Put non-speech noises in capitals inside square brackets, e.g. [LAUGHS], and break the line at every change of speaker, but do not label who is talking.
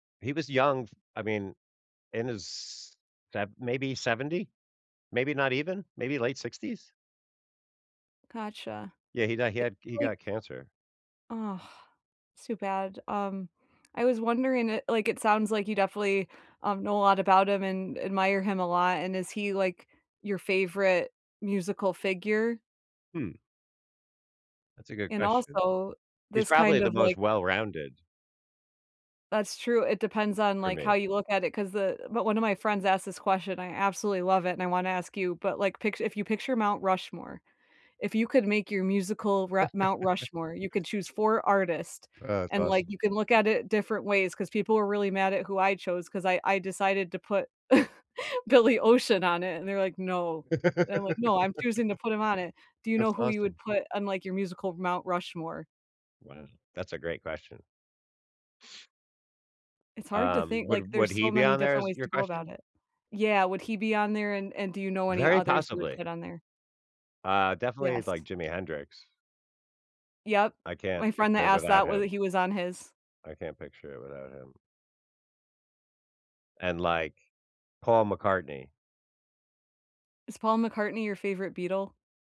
He was young, I mea in his sev maybe 70? Maybe not even? Maybe late 60s?
Gotcha.
Yeah, he di he
It
had he
like
got cancer.
Ugh, too bad. Um, I was wondering, it like, it sounds like you definitely, um, know a lot about him, and admire him a lot, and is he, like, your favorite musical figure?
Hmm. That's a good
And
question.
also,
He's
this
probably
kind
the
of,
most
like
well-rounded
That's true, it depends on,
for
like, how
me.
you look at it, 'cause, uh but 1 of my friends asked this question, and I absolutely love it, and I wanna ask you, but, like, pictu if you picture Mount Rushmore, if you could make your musical ra Mount
[CHUCKLES]
Rushmore, you could choose 4 artist,
Oh, that's
and, like,
awesome.
you can look at it different ways 'cause people were really mad at who I chose 'cause I I decided to put [CHUCKLES] Billy Ocean on it, and they're, like, "No," and I'm, like, "No, I'm choosing to put him on it."
[LAUGHS]
Do you
That's
know who you would
awesome.
put on, like, your musical Mount Rushmore?
Wow, that's a great question. [SNIFFS]
It's hard to
Um,
think, like,
would
there's
would he
so
be
many
on there
different
is
ways
your
to go about
question?
it. Yeah, would he be on there, and and do you know any
Very
others you would
possibly.
put on there?
Uh, definitely,
Yes.
like, Jimi Hendrix.
Yep.
I
My
can't
friend that
picture it
asked
without
that, whether
him.
he was on his
I can't picture it without him. And, like, Paul McCartney.
Is Paul McCartney your favorite Beatle?